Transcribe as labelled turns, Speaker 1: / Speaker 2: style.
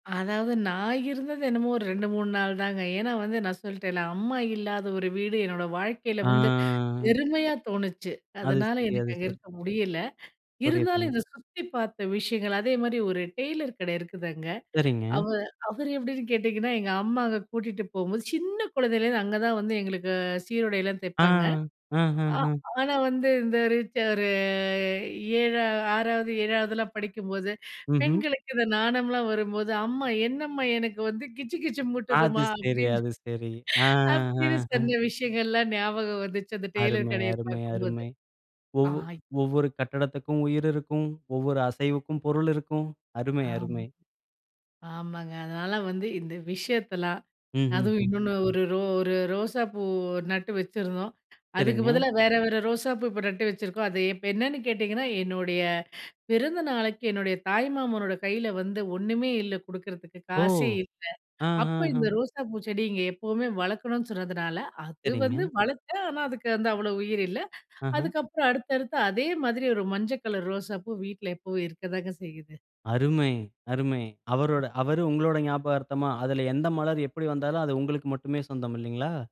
Speaker 1: அதாவது, நான் இருந்தது என்னமோ ஒரு 2 3 நாள்தாங்க. ஏன்னா வந்து, நான் சொல்ட்டேன்ல, அம்மா இல்லாத ஒரு வீடு என்னோட வாழ்க்கைல
Speaker 2: ஆ.
Speaker 1: வந்து, வெறுமையா தோணுச்சு.
Speaker 2: அது
Speaker 1: அதனால,
Speaker 2: சரி, அது
Speaker 1: எனக்கு அங்க
Speaker 2: சரி.
Speaker 1: இருக்க முடியல. இருந்தாலும்,
Speaker 2: புரியுதுங்க.
Speaker 1: இந்த சுத்திப் பாத்த விஷயங்கள், அதே மாரி ஒரு டெய்லர் கட இருக்குது அங்க,
Speaker 2: சரிங்க.
Speaker 1: அவ அவரு எப்டின்னு கேட்டீங்கன்னா, எங்க அம்மா அங்க கூட்டிட்டுப் போகும்போது, சின்னக் குழந்தைலருந்து அங்கதான் வந்து, எங்களுக்கு சீருடைலாம் தைப்பாங்க ஆ
Speaker 2: ஆஹஹஹ.
Speaker 1: ஆனா வந்து, இந்த ஒரு ஏழா 6வது, 7வதுலாம் படிக்கும்போது,
Speaker 2: மஹ்ம்.
Speaker 1: பெண்களுக்கு இந்த நாணம்லாம் வரும்போது, அம்மா என்னம்மா, எனக்கு வந்து, கிச்சு கிச்சு
Speaker 2: அது
Speaker 1: மூட்டுதம்மா?
Speaker 2: சரி,
Speaker 1: அப்டின்னு.
Speaker 2: அது சரி.
Speaker 1: அப்டின்னு சொன்ன விஷயங்கள்லாம் ஞாபகம் வந்துச்சு, அந்த டெய்லர்
Speaker 2: அருமை!
Speaker 1: கடையப்
Speaker 2: அருமை!
Speaker 1: பாக்கும்போது.
Speaker 2: அருமை.
Speaker 1: ஆ
Speaker 2: ஒவ் ஒவ்வொரு கட்டடத்துக்கும் உயிர் இருக்கும், ஒவ்வொரு அசைவுக்கும் பொருள் இருக்கும். அருமை!
Speaker 1: ஆம்,
Speaker 2: அருமை!
Speaker 1: ஆமாங்க. அதனால வந்து, இந்த விஷயத்தெல்லாம், அதுவும்
Speaker 2: ம்ஹ்ஹும்.
Speaker 1: இன்னொன்னு, ஒரு ரோ ஒரு ரோசாப்பூ நட்டு வச்சிருந்தோம். அதுக்கு
Speaker 2: சரிங்க.
Speaker 1: பதிலா, வேற வேற ரோசாப்பூ இப்ப நட்டு வச்சிருக்கோம். அது இப்ப என்னன்னு கேட்டீங்கன்னா, என்னுடைய பிறந்தநாளுக்கு, என்னுடைய தாய்மாமனோட கைல வந்து, ஒண்ணுமே இல்ல குடுக்குறதுக்கு,
Speaker 2: ஓ!
Speaker 1: காசே இல்ல. அப்ப இந்த
Speaker 2: ஆஹஹ.
Speaker 1: ரோசாப்பூ செடிய இங்க எப்பவுமே வளக்கணும்னு சொன்னதுனால, அது வந்து
Speaker 2: சரிங்க.
Speaker 1: வளர்த்தேன், ஆனா, அதுக்கு வந்து அவ்வளோ உயிர் இல்ல.
Speaker 2: அஹ்ன்.
Speaker 1: அதுக்கப்புறம் அடுத்தடுத்து, அதே மாதிரி ஒரு மஞ்சக் கலர் ரோசாப்பூ வீட்ல எப்பவும் இருக்கத்தாங்க செய்யுது.
Speaker 2: அருமை! அருமை! அவரோட அவரு உங்களோட ஞாபகார்த்தமா, அதுல எந்த மலர் எப்டி வந்தாலும் அது உங்களுக்கு மட்டுமே சொந்தம் இல்லைங்களா?